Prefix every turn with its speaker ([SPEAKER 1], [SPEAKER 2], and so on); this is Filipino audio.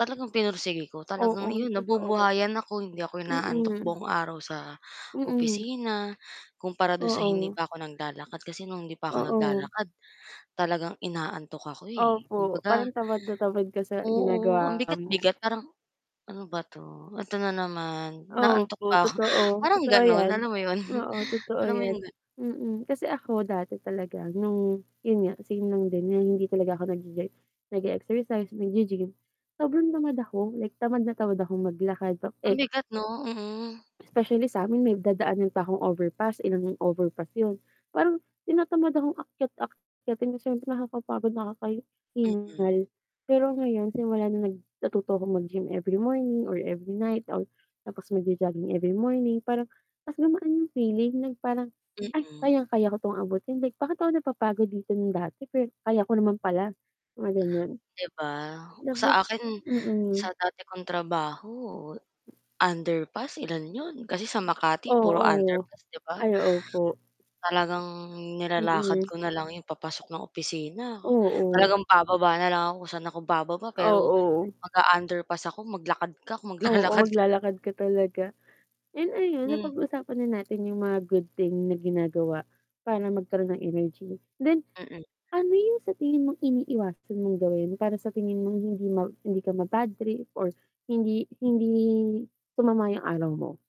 [SPEAKER 1] Talagang pinursigi ko, talagang
[SPEAKER 2] Oo,
[SPEAKER 1] iyon
[SPEAKER 2] totoo,
[SPEAKER 1] nabubuhayan ako, hindi ako inaantok
[SPEAKER 2] mm.
[SPEAKER 1] buong araw sa
[SPEAKER 2] Mm.
[SPEAKER 1] opisina, kumpara do'n sa hindi
[SPEAKER 2] Oo.
[SPEAKER 1] pa ako naglalakad, kasi no'ng hindi pa ako
[SPEAKER 2] Oo.
[SPEAKER 1] naglalakad talagang inaantok ako, eh,
[SPEAKER 2] Opo, parang
[SPEAKER 1] kumbaga
[SPEAKER 2] tamad na tamad ka sa
[SPEAKER 1] oo ang
[SPEAKER 2] ginagawa mo.
[SPEAKER 1] bigat-bigat parang, "Ano ba 'to, eto na naman, inaantok
[SPEAKER 2] Opo.
[SPEAKER 1] pa ako,"
[SPEAKER 2] Totoo,
[SPEAKER 1] parang
[SPEAKER 2] totoo
[SPEAKER 1] gano'n?
[SPEAKER 2] yan,
[SPEAKER 1] Alam mo yon?
[SPEAKER 2] oo totoo
[SPEAKER 1] Alam mo
[SPEAKER 2] yan,
[SPEAKER 1] 'yong gano'n?
[SPEAKER 2] mm, kasi ako dati talaga nung yun nga same lang din na hindi talaga ako nag-e nag-exercise, nag-g-gym, sobrang tamad ako like tamad na tamad akong maglakad pa eh
[SPEAKER 1] Ang bigat 'no, mm.
[SPEAKER 2] specially samin may dadaanan pa akong overpass, ilang overpass yun, parang tinatamad akong akyat akyatin na siyempre nakakapagod,
[SPEAKER 1] Mm.
[SPEAKER 2] nakakahingal, pero ngayon simula na nung nag natuto akong mag-gym every morning or every night out tapos mag-jo jogging every morning parang, mas gumaan yung feeling na parang, "Ay
[SPEAKER 1] Mm.
[SPEAKER 2] kayang-kaya ko 'tong abutin bakit ako napapagod dito nung dati pero kaya ko naman pala," mga ganon.
[SPEAKER 1] 'Di ba,
[SPEAKER 2] Dapat
[SPEAKER 1] sa akin sa
[SPEAKER 2] mm.
[SPEAKER 1] dati kong trabaho, underpass ilan 'yon, kasi sa Makati puro
[SPEAKER 2] Oo,
[SPEAKER 1] underpass 'di ba?
[SPEAKER 2] ay opo.
[SPEAKER 1] Talagang nilalakad
[SPEAKER 2] Mm.
[SPEAKER 1] ko na lang 'yon papasok ng opisina,
[SPEAKER 2] Oo.
[SPEAKER 1] talagang bababa na lang ako kung saan ako bababa pero,
[SPEAKER 2] Oo.
[SPEAKER 1] mag-a-underpass ako maglakad ka, kung
[SPEAKER 2] Oo,
[SPEAKER 1] maglalakad ka.
[SPEAKER 2] maglalakad ka talaga, yun ayun
[SPEAKER 1] Hmm.
[SPEAKER 2] napag-usapan na natin yung mga good thing na ginagawa para magkaroon ng energy, then
[SPEAKER 1] Mm.
[SPEAKER 2] ano yung sa tingin mong iniiwasan mong gawin yun para sa tingin mo hindi ma hindi ka mabadtrip or hindi hindi sumama yung araw mo?